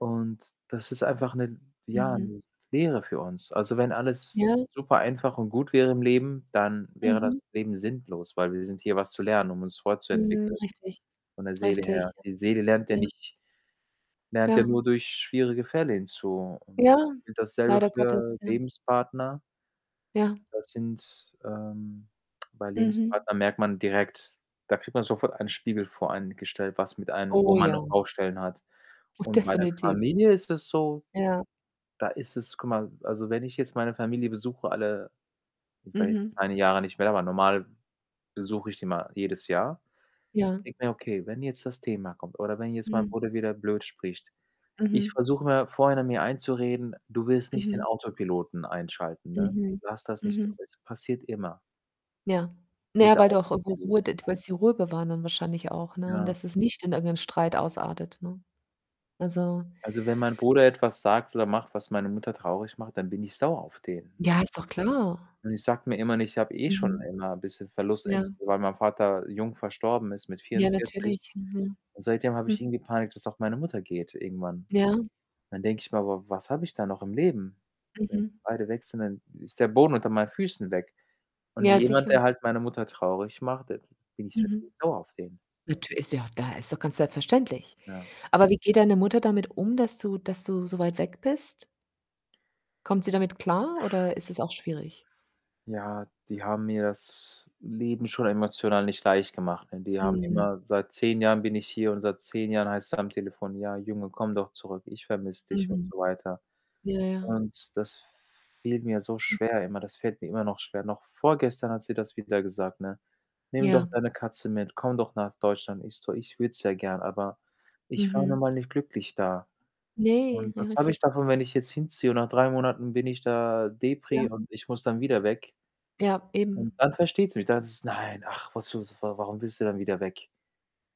Und das ist einfach 'ne ja, Mhm. 'ne s Lehre für uns. Also, wenn alles Ja. super einfach und gut wäre im Leben, dann wäre Mhm. das Leben sinnlos, weil wir sind hier, was zu lernen, um uns Mhm, fortzuentwickeln, richtig, von der Seele her. richtig, ja. Die Seele lernt ja Ja. nicht lernt ja Ja. nur durch schwierige Fälle hinzu und Ja, das und dasselbe leider Gottes, für ja. Lebenspartner Ja. Das sind, ähm bei Mhm. Lebenspartnern merkt man direkt da kriegt man sofort einen Spiegel vor einen gestellt, was mit einem wo Oh man noch ja. Baustellen hat. Oh, Und bei der definitiv. Familie ist es so, Ja. da ist es guck mal, also, wenn ich jetzt meine Familie besuche, alle ich war jetzt Mhm. 2, ne, Jahre nicht mehr, aber normal besuche ich die immer jedes Jahr Ja. denke mir: „Okay, wenn jetzt das Thema kommt oder wenn jetzt mein Hm. Bruder wieder blöd spricht,“ ich Mhm. versuche immer vorhinein mir einzureden: „Du willst nicht den Mhm. Autopiloten einschalten, ne? Mhm. Lass das nicht zu,“ Mhm. es passiert immer Ja. Na ja, dieser weil du auch irgendwo Autopilot. Ruhe det [unintelligible] willst die Ruhe bewahren dann wahrscheinlich auch, ne, und, Ja. dass es nicht in irgendeinen Streit ausartet, ne? Also Also, wenn mein Bruder etwas sagt oder macht, was meine Mutter traurig macht, dann bin ich sauer auf den, Ja, ne? ist doch klar. Und ich sage mir immer, ich habe eh schon Mhm. immer 'n bisschen Ja. Verlustängste, weil mein Vater jung verstorben ist mit Ja, 44, natürlich, mhm. und seitdem habe ich Hm. irgendwie Panik, dass auch meine Mutter geht irgendwann. Ja. Dann denke ich mir: „Aber was habe ich dann noch im Leben? Wenn Mhm. beide weg sind, dann ist der Boden unter meinen Füßen weg.“ Und Ja, jemand, sicher. der halt meine Mutter traurig macht, da bin ich natürlich Mhm. sauer auf den. Natür ist ja auch da ist doch ganz selbstverständlich. Ja. Aber wie geht deine Mutter damit um, dass du dass du so weit weg bist? Kommt sie damit klar oder ist es auch schwierig? Ja, die haben mir das Leben schon emotional nicht leicht gemacht, ne, die haben Mhm. immer seit 10 Jahren bin ich hier und seit 10 Jahren heißt‘s am Telefon: „Ja, Junge, komm doch zurück. Ich vermisse dich,“ und Mhm. so weiter Ja, ja. und das fiel mir so Hm. schwer immer, das fällt mir immer noch schwer. Noch vorgestern hat sie das wieder gesagt, ne: „Nimm Ja. doch deine Katze mit, komm doch nach Deutschland.“ Ich so: „Ich würde es ja gern, aber ich war nun Mhm. mal nicht glücklich da.“ Ne, Und was ja, habe ich sicher. davon, wenn ich jetzt hinziehe und nach 3 Monaten bin ich da Ja. depri und ich muss dann wieder weg? Ja, eben. Und dann versteht sie mich, da heißt es: „Nein, ach, wozu, w warum willst du denn wieder weg?“,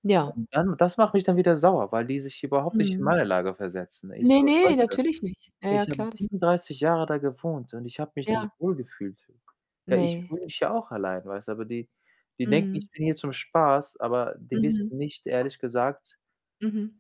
Ja. und dann das macht mich dann wieder sauer, weil die sich überhaupt nicht in Mhm. meine Lage versetzen. Ich Ne, so: ne, „Leute, natürlich nicht. Ja, ja ich habe klar, das ist 37 Jahre da gewohnt und ich habe mich nicht Ja. wohlgefühlt.“ Ja, ich Ne. fühle mich ja auch allein, weißt du, aber die die denken, Mhm. ich bin hier zum Spaß, aber die wissen Mhm. nicht, ehrlich gesagt Mhm.